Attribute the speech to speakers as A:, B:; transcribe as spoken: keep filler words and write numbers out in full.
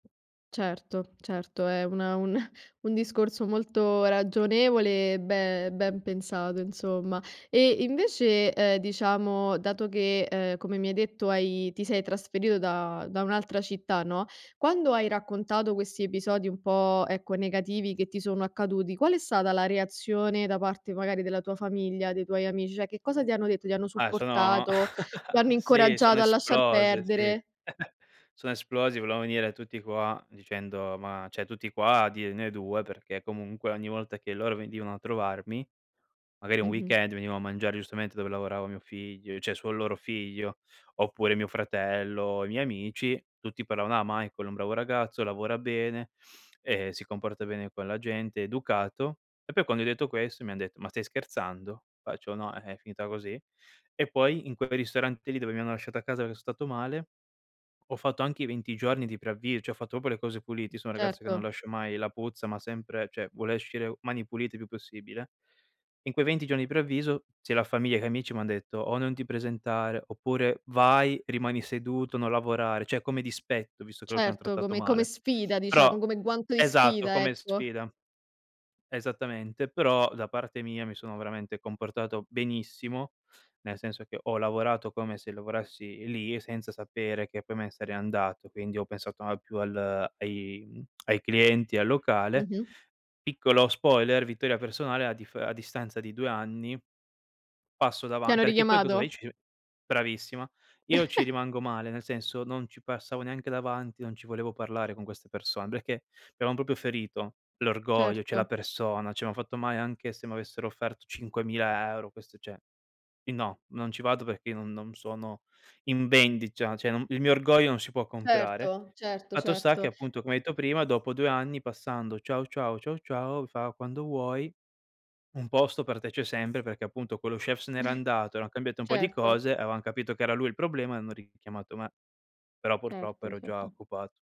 A: Certo, certo, è una un un discorso molto ragionevole e be ben pensato, insomma. E invece, ehm, diciamo, dato che, uhm, come mi hai detto hai ti sei trasferito da da un'altra città, no, quando hai raccontato questi episodi, un po', ecco, negativi, che ti sono accaduti, qual è stata la reazione da parte, magari, della tua famiglia, dei tuoi amici? Cioè, che cosa ti hanno detto? Ti hanno
B: Ah sono
A: supportato? Ti hanno
B: sì, sono
A: incoraggiato a lasciar
B: esplose, sì.
A: perdere?
B: Sono esplosi, volevano venire tutti qua dicendo ma ceh tutti qua a dirne due, perché, comunque, ogni volta che loro venivano a trovarmi, magari, un
A: Mh-mh.
B: weekend venivo a mangiare giustamente dove lavorava mio figl ceh suo loro figlio, oppure mio fratello, i miei amici, tutti pallavano: "Ah, Michael è un bravo ragazzo, lavora bene, ehm, si comporta bene con la gente, è educato." E, poi quando hai detto, questo mi han detto: "Ma stai scherzando?", faccio: "No, eh, è finita così.". E, poi in quel ristorante lì, dove mi hanno lasciato a casa che so stato male, ho fatto anche i venti giorni di preavvi cioè, ho fatto popo le cose puliti, io so un ragazzo che non
A: Certo.
B: lascia mai la puzza, ma sempre ceh vuole oscire mani pulite il più possibile. In quei venti giorni di preavviso, sia la famiglia che amici, m'han detto, o: "Non ti presentare." Oppure: "Vai, rimani seduto, non lavorare, ceh come dispetto visto che loro ti han
A: Certo,
B: trattato
A: come come
B: male."
A: sfida,
B: Però
A: diciamo, come guanto di
B: Esatto
A: sfida,
B: come
A: ecco.
B: sfida. Esattamente, però da parte mia mi sono veramente comportato benissimo, nel senso che ho lavorato come se lovorassi lì, senza sapere che, poi, me ne sarei andato, quindi ho pensato ma più al ai mhmm, ai clienti e al locale.
A: Mh-mh.
B: Piccolo spoiler, vittoria personale a dif a distanza di due anni, passo
A: Ti
B: davan
A: hanno
B: Perché poi cosa vai
A: richiamato?
B: vici Bravissima. Io ci rimango male, nel senso non ci passavo neanche davanti, non ci volevo parlare con queste person peché mi avevan popio ferito l'orgoglio, ceh la
A: Certo.
B: persona, cioè, mi han fatto male, anche se mi avessero offerto cinquemila euro, questo ceh i no, non ci vado peché io non non sono in vendicia, ceh ceh il mio orgoglio non si può comprare.
A: Erto, certo,
B: Fatto sta che
A: certo.
B: appunto come hai etto prima, dopo due anni passando: "Ciao ciao." "Ciao ciao." Fa: "Quando vuoi, un posto per te c'è sempre." Perché appunto quello chef se n'era andato, eran cambiate un po' di
A: Certo.
B: cose, avevan capito che era lui il problema e hanno richiamato me. Però, purtroppo,
A: Certo,
B: ero già
A: cetto.
B: occupato.